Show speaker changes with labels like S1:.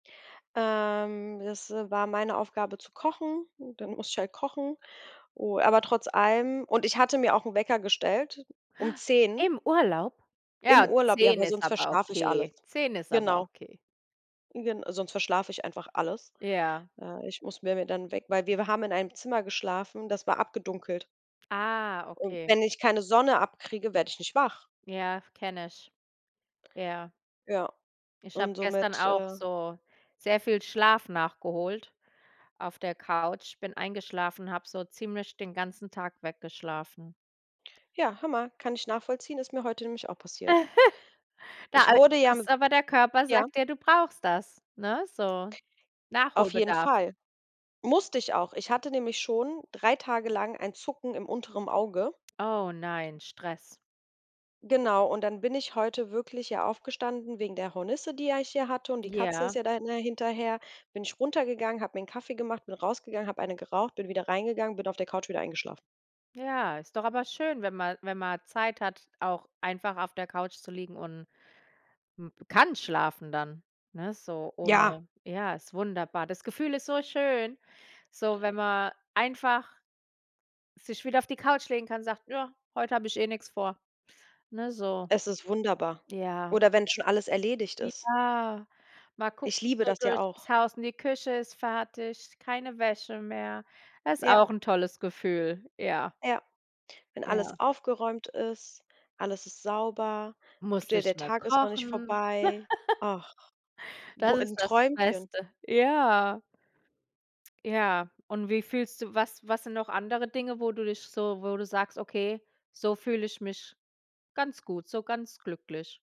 S1: Ähm, das war meine Aufgabe zu kochen, dann musste ich halt kochen. U aber trotz allem und ich hatte mir auch 'n Wecker gestellt, um 10.
S2: Im Urlaub?
S1: Im
S2: Ja,
S1: Urlaub, ja,
S2: 10
S1: weil
S2: ist
S1: sonst
S2: aber
S1: verschlafe ich alles.
S2: okay, 10 ist aber
S1: Genau.
S2: okay.
S1: Gen sonst verschlafe ich einfach alles.
S2: Ja.
S1: Äh, ich muss mir mir dann 'n Weck weil wir haben in einem Zimmer geschlafen, das war abgedunkelt.
S2: Ah,
S1: Und
S2: okay.
S1: wenn ich keine Sonne abkriege, werde ich nicht wach.
S2: Ja, kenne ich. Ja.
S1: Ja,
S2: Ich habe
S1: und
S2: gestern
S1: somit,
S2: auch
S1: äh
S2: so sehr viel Schlaf nachgeholt auf der Couch bin eingeschlafen, habe so ziemlich den ganzen Tag weggeschlafen.
S1: Ja, Hammer kann ich nachvollziehen, ist mir heute nämlich auch passiert.
S2: Da
S1: Ich
S2: a
S1: wurde ja mi
S2: ist aber der Körper
S1: ja?
S2: sagt dir, du brauchst das, ne, so
S1: Auf jeden
S2: Nachholbedarf.
S1: Fall. Musste ich auch. Ich hatte nämlich schon 3 Tage lang ein Zucken im unteren Auge.
S2: Oh nein, Stress.
S1: Genau, und dann bin ich heute wirklich hier aufgestanden wegen der Hornisse, die ja ich hier hatte, und die Katze
S2: Ja.
S1: ist ja da dann hinterher bin ich runtergegangen, habe mir 'n Kaffee gemacht, bin rausgegangen, habe eine geraucht, bin wieder reingegangen, bin auf der Couch wieder eingeschlafen.
S2: Ja, ist doch aber schön, wenn mal wenn man Zeit hat, auch einfach auf der Couch zu liegen und m kann schlafen dann, ne, so
S1: Ja.
S2: ohne ja, ist wunderbar. Das Gefühl ist so schön, so, wenn man einfach sich wieder auf die Couch legen kann und sagt: „Ja, heute habe ich eh nix vor”, ne, so.
S1: Es ist wunderbar,
S2: Ja.
S1: oder wenn's schon alles erledigt ist.
S2: Ja, mal gucken
S1: Ich liebe
S2: so
S1: das ja
S2: durch das
S1: auch.
S2: Haus und die Küche ist fertig, keine Wäsche mehr. Ist
S1: Ja.
S2: auch 'n tolles Gefühl, ja.
S1: Ja. Wenn
S2: Ja.
S1: alles aufgeräumt ist, alles ist sauber. Tut
S2: Musste
S1: dir
S2: nicht
S1: der
S2: mehr
S1: Tag ist noch nicht
S2: kochen.
S1: vorbei. Ach, wo
S2: Das ist
S1: im
S2: das
S1: Träumchen.
S2: Beste. Ja. Ja, und wie fühlst du was was sind noch andere Dinge, wo du dich so wo du sagst: „Okay, so fühle ich mich ganz gut, so ganz glücklich?”